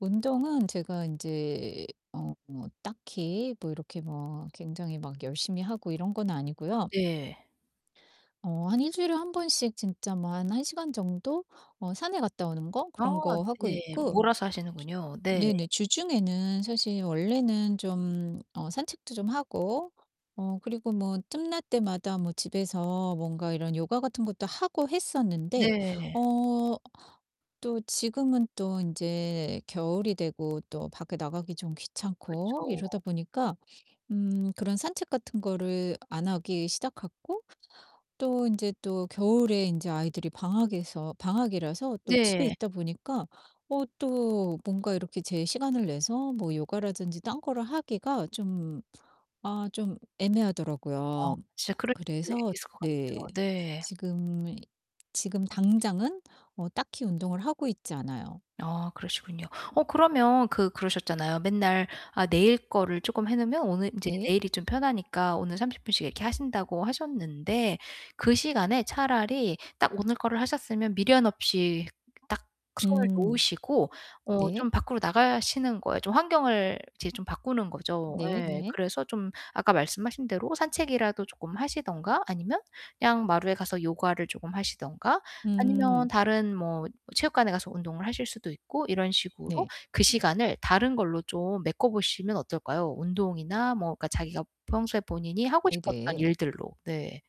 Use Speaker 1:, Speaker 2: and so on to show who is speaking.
Speaker 1: 운동은 제가 인제 어 뭐 딱히 뭐 이렇게 뭐 굉장히 막 열심히 하고 이런 건 아니고요.
Speaker 2: 네.
Speaker 1: 어 한 1 주일에 1 번씩 진짜 뭐 한 1 시간 정도 어 산에 갔다 오는 거
Speaker 2: 아
Speaker 1: 그런 거 하고
Speaker 2: 네.
Speaker 1: 있고
Speaker 2: 몰아서
Speaker 1: 주
Speaker 2: 하시는군요. 네.
Speaker 1: 네네 주중에는 사실 원래는 좀 어 산책도 좀 하고 어 그리고 뭐 틈날 때마다 뭐 집에서 뭔가 이런 요가 같은 것도 하고 했었는데
Speaker 2: 네.
Speaker 1: 어 또 지금은 또 인제 겨울이 되고 또 밖에 나가기 좀 귀찮고
Speaker 2: 그쵸.
Speaker 1: 이러다 보니까 음 그런 산책 같은 거를 안 하기 시작했고 또 인제 또 겨울에 인제 아이들이 방학에서 방학이라서 또 집에
Speaker 2: 네.
Speaker 1: 있다 보니까 어 또 뭔가 이렇게 제 시간을 내서 뭐 요가라든지 딴 거를 하기가 좀 아 좀
Speaker 2: 아
Speaker 1: 애매하더라고요.
Speaker 2: 진짜 그럴 수
Speaker 1: 그래서
Speaker 2: 있을 것 같아요.
Speaker 1: 네
Speaker 2: 네.
Speaker 1: 지금, 지금 당장은 어 딱히 운동을 하고 있지 않아요.
Speaker 2: 아 그러시군요. 어 그러면 그 그러셨잖아요. 맨날 아 내일 거를 조금 해 놓으면 오늘 인제
Speaker 1: 네.
Speaker 2: 내일이 좀 편하니까 오늘 30 분씩 이렇게 하신다고 하셨는데 그 시간에 차라리 딱 오늘 거를 하셨으면 미련 없이 딱 손을
Speaker 1: 음
Speaker 2: 놓으시고 어
Speaker 1: 네.
Speaker 2: 좀 밖으로 나가시는 거예요. 좀 환경을 이제 좀 바꾸는 거죠
Speaker 1: 네
Speaker 2: 예.
Speaker 1: 네.
Speaker 2: 그래서 좀 아까 말씀하신 대로 산책이라도 쪼끔 하시든가 아니면 그냥 마루에 가서 요가를 쪼끔 하시든가 아니면
Speaker 1: 음.
Speaker 2: 다른 뭐 체육관에 가서 운동을 하실 수도 있고 이런 식으로
Speaker 1: 네.
Speaker 2: 그 시간을 다른 걸로 좀 메꿔 보시면 어떨까요? 운동이나 뭐 그러니까 자기가 평소에 본인이 하고 싶었던
Speaker 1: 네네.
Speaker 2: 일들로. 네.